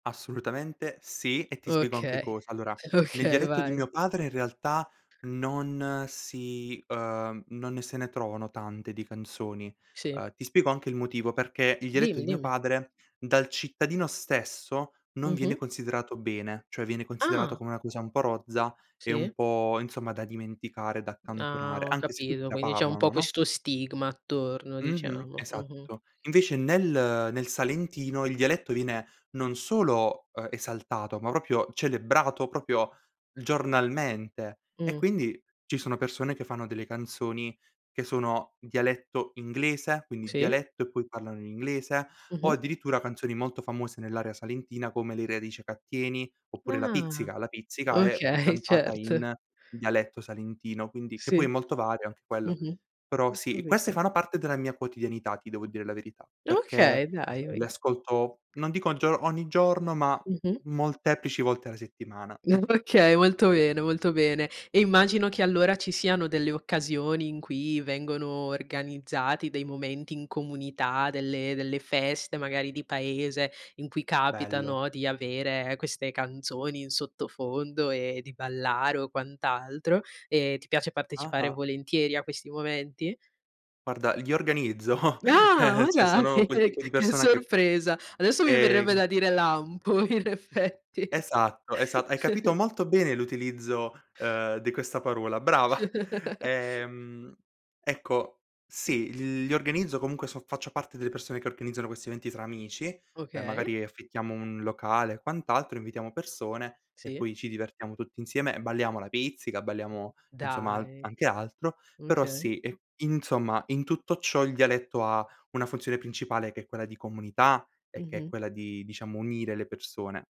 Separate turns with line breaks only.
Assolutamente sì, e ti spiego anche
Okay.
cosa: allora, nel
Okay,
dialetto di
vai.
mio padre in realtà non si ehm, non ne se ne trovano tante di canzoni.
Sì.
Ehm, ti spiego anche il motivo, perché il dialetto di
Dimmi,
mio
dimmi.
padre, dal cittadino stesso non viene
Mh-mh.
considerato bene, cioè viene considerato
Ah!
come una cosa un po' rozza e un
Sì?
po', insomma, da dimenticare, da
Ah,
accantonare,
ho
anche se tutti
capito,
la
quindi c'è un po'
parlano, no?
questo stigma attorno,
Mh-mh.
diciamo, mh-mh.
Esatto. Invece nel nel salentino, il dialetto viene non solo, ehm, esaltato, ma proprio celebrato, proprio giornalmente. E,
Mh.
quindi, ci sono persone che fanno delle canzoni che sono dialetto inglese, quindi
Sì?
dialetto e poi parlano in inglese, o
Mh-mh.
addirittura canzoni molto famose nell'area salentina come Le radici ca tieni
D
oppure la
ah!
pizzica. La pizzica è, mhmm,
Okay,
cantata
certo.
in dialetto salentino, quindi che poi è
Sì.
molto vario anche quello.
Mh-mh.
Però,
Ho
sì, queste
capito.
fanno parte della mia quotidianità, ti devo dire la verità,
Okay,
perché,
dai,
uhm,
vi
le ascolto non dico gio ogni giorno, ma
Mh-mh.
molteplici volte alla settimana.
Okay, molto bene, molto bene. E immagino che, allora, ci siano delle occasioni in cui vengono organizzati dei momenti in comunità, delle delle feste magari di paese in cui capita,
Bello.
no, di avere queste canzoni in sottofondo e di ballare o quant'altro. E ti piace partecipare
Ah-ah.
volentieri a questi momenti?
Guarda, li organizzo,
Ah! Ma
cioè
dai!
sono quel
che
tipo di
che
persona che mh,
sorpresa! Adesso mi verrebbe
ehm
da dire: "Lampo" in effetti.
Esatto, esa hai capito molto bene l'utilizzo, uhm, di questa parola, brava! Ehm, ecco, sì. L li organizzo comunque, so faccio parte delle persone che organizzano questi eventi tra amici, ehm,
Okay.
magari affittiamo un locale e quant'altro, invitiamo persone e
Sì?
poi ci divertiamo tutti insieme e balliamo la pizzica, balliamo insomma a
Dai!
anche altro. Però,
Okay.
sì, e, insomma, in tutto ciò, il dialetto ha una funzione principale che è quella di comunità e che è
Mh-mh.
quella di, diciamo, unire le persone.